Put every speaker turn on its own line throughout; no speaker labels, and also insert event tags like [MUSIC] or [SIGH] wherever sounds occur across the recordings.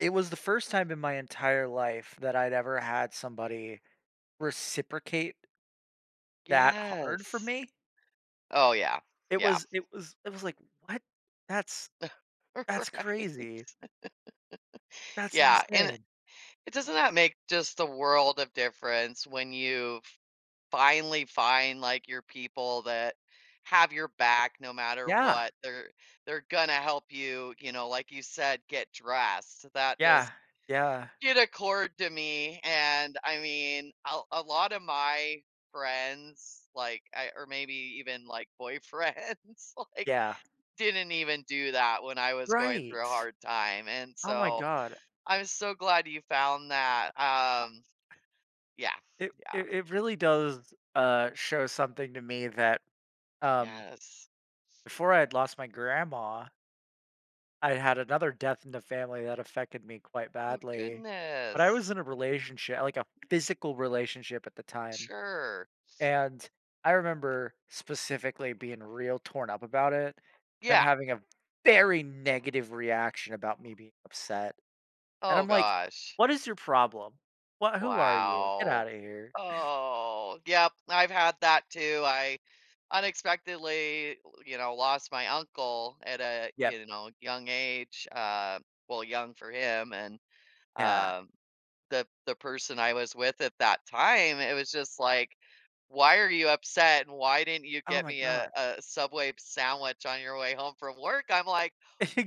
It was the 1st time in my entire life that I'd ever had somebody reciprocate that hard for
Yes.
me.
Oh, yeah.
It
Yeah.
was it was it was like, "What? That's
[CHUCKLES]
that's
Right.
crazy." That's
Yeah, and it
insane.
eh, doesn't that make just the world of difference when you f finally find, like, your people that have your back no matter
Yeah.
what, they're they're gonna help you, you know, like you said, get dressed, that
Yeah,
just
yeah.
did accord to me, and, I mean, a a lot of my friends, like, I or maybe even, like, boyfriends, like,
Yeah.
didn't even do that when I was going
Right.
through a hard time, and
Oh my
so
god.
I'm so glad you found that,
Uh
um,
eh
yeah,
It
yeah.
it it really does, uh, show something to me that, um
Yes.
before I'd lost my grandma I had another death in the family that affected me quite
Oh,
badly, but I
goodness.
was in a relationshi like a physical relationship at the time.
Sure.
And I remember specifically being real torn up about it, them
Yeah.
having a very negative reaction about me being upset, and
Oh,
I'm like,
gosh.
"What is your problem? What who are you? Get
Wow.
out of here."
Oh, yep, I've had that, too, I unexpectedly w you know, lost my uncle at a,
Yep.
you know, young age, uh, well, young for him and,
Yeah.
uh, the the person I was with at that time, it was just like, "Why are you upset? And why didn't you
Oh
get
my
me a
god.
a Subway sandwich on your way home from work?" I'm like,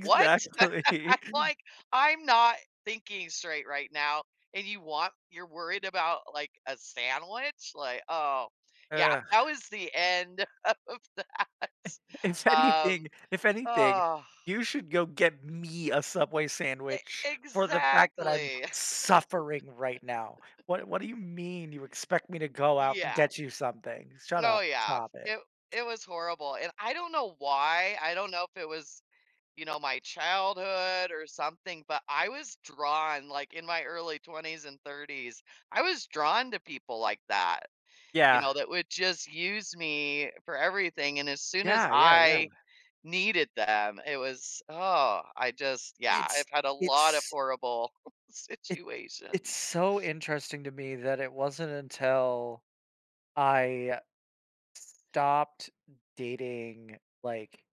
"What?" [LAUGHS] I'm like. "I'm not thinking straight right now, and you want you're worried about, like, a sandwich?" Like, oh, yeah,
Ugh.
that was the end of that.
[CHUCKLES] If
Um,
anything if anything,
oh.
"You should go get me a Subway
E
sandwich for the fact that I'm
exactly. [LAUGHS]
suffering right now, what what do you mean you expect me to go out and
Yeah.
get you something? Shut
Oh
up,
yeah,
stop it."
it it was horrible, and I don't know why, I don't know if it was, you know, my childhood or something, but I was drawn, like, in my early 20s and 30s, I was drawn to people like that, you
Yeah.
know, that would just use me for everything and as soon as
Yeah, yeah, yeah.
I needed them, it was, oh, I just yeah,
It's
I've had a lot of
it's
horrible
It It's
situations.
so interesting to me that it wasn't until I stopped dating, like